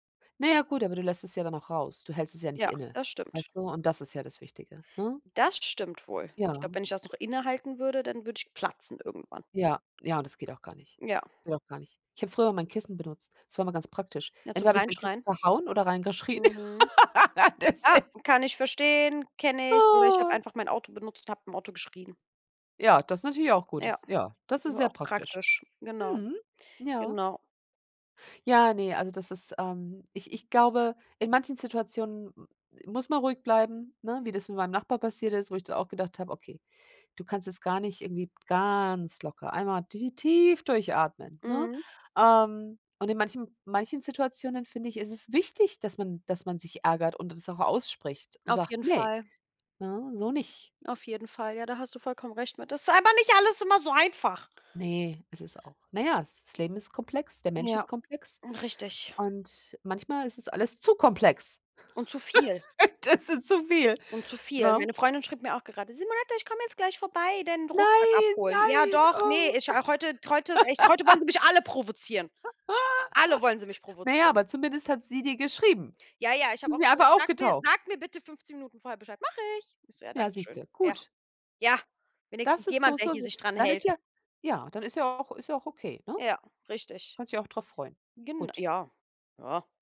Na ja, gut, aber du lässt es ja dann auch raus. Du hältst es ja nicht Ja, inne, das stimmt. weißt du? Und das ist ja das Wichtige, ne? Das stimmt wohl. Ich Ja. glaube, wenn ich das noch innehalten würde, dann würde ich platzen irgendwann. Ja, ja, und das geht auch gar nicht. Ja. Geht auch gar nicht. Ich habe früher immer 'n Kissen benutzt. Es war immer ganz praktisch. Ja, zum Entweder habe ich mein Kissen Reinschreien. verhauen oder rein geschrien. Mhm. Das Ah, echt kann ich verstehen, kenne ich oder ich habe Oh. einfach mein Auto benutzt und habe im Auto geschrien. Ja, das ist natürlich auch gut, Ja, dass ja das ist sehr auch praktisch. praktisch, genau. Mhm. Ja. Genau. Ja, ne, also, das ist, ähm ich ich glaube, in manchen Situationen m muss man ruhig bleiben, ne, wie das mit meinem Nachbar passiert ist, wo ich dann auch gedacht habe: „Okay, du kannst es gar nicht irgendwie ganz locker einmal ti tief durchatmen, ne? Mhm. Ähm, und in manchen manchen Situationen finde ich, ist es wichtig, dass man dass man sich ärgert und das auch ausspricht und Auf sagt: jeden „Ne, Fall. ne, so nicht.“ Auf jeden Fall, ja, da hast du vollkommen recht mit. Das ist aber nicht alles immer so einfach! Ne, es ist auch na ja, das Leben ist komplex, der Mensch Ja, ist komplex richtig. und manchmal ist es alles zu komplex. Und zu viel. Das ist zu viel, Und zu viel. ne? Meine Freundin schrieb mir auch gerade: „Simonette, ich komm jetzt gleich vorbei, den Rucksack Nein, abholen. Ja, nein, doch, ne oh. ich, ach heute heute ist echt heute wollen sie mich alle provozieren. Alle wollen sie mich Na ja, provozieren.“ aber zumindest hat sie dir geschrieben. Ja, ja, ich habe Ist auch nicht gesagt: einfach „Sag mir aufgetaucht. sag mir bitte 15 Minuten vorher Bescheid.“ „Mache ich.“ Ich so: „Ja, Ja, danke siehst schön.“ du, Ja. gut. Ja, Das wenigstens ist so jemand, der so hier so sich dran dann ist hält. ja ja, dann ist ja auch ist ja auch okay, ne? Ja, richtig. Kannst dich auch drauf freuen. Gen Gut. ja. Ja.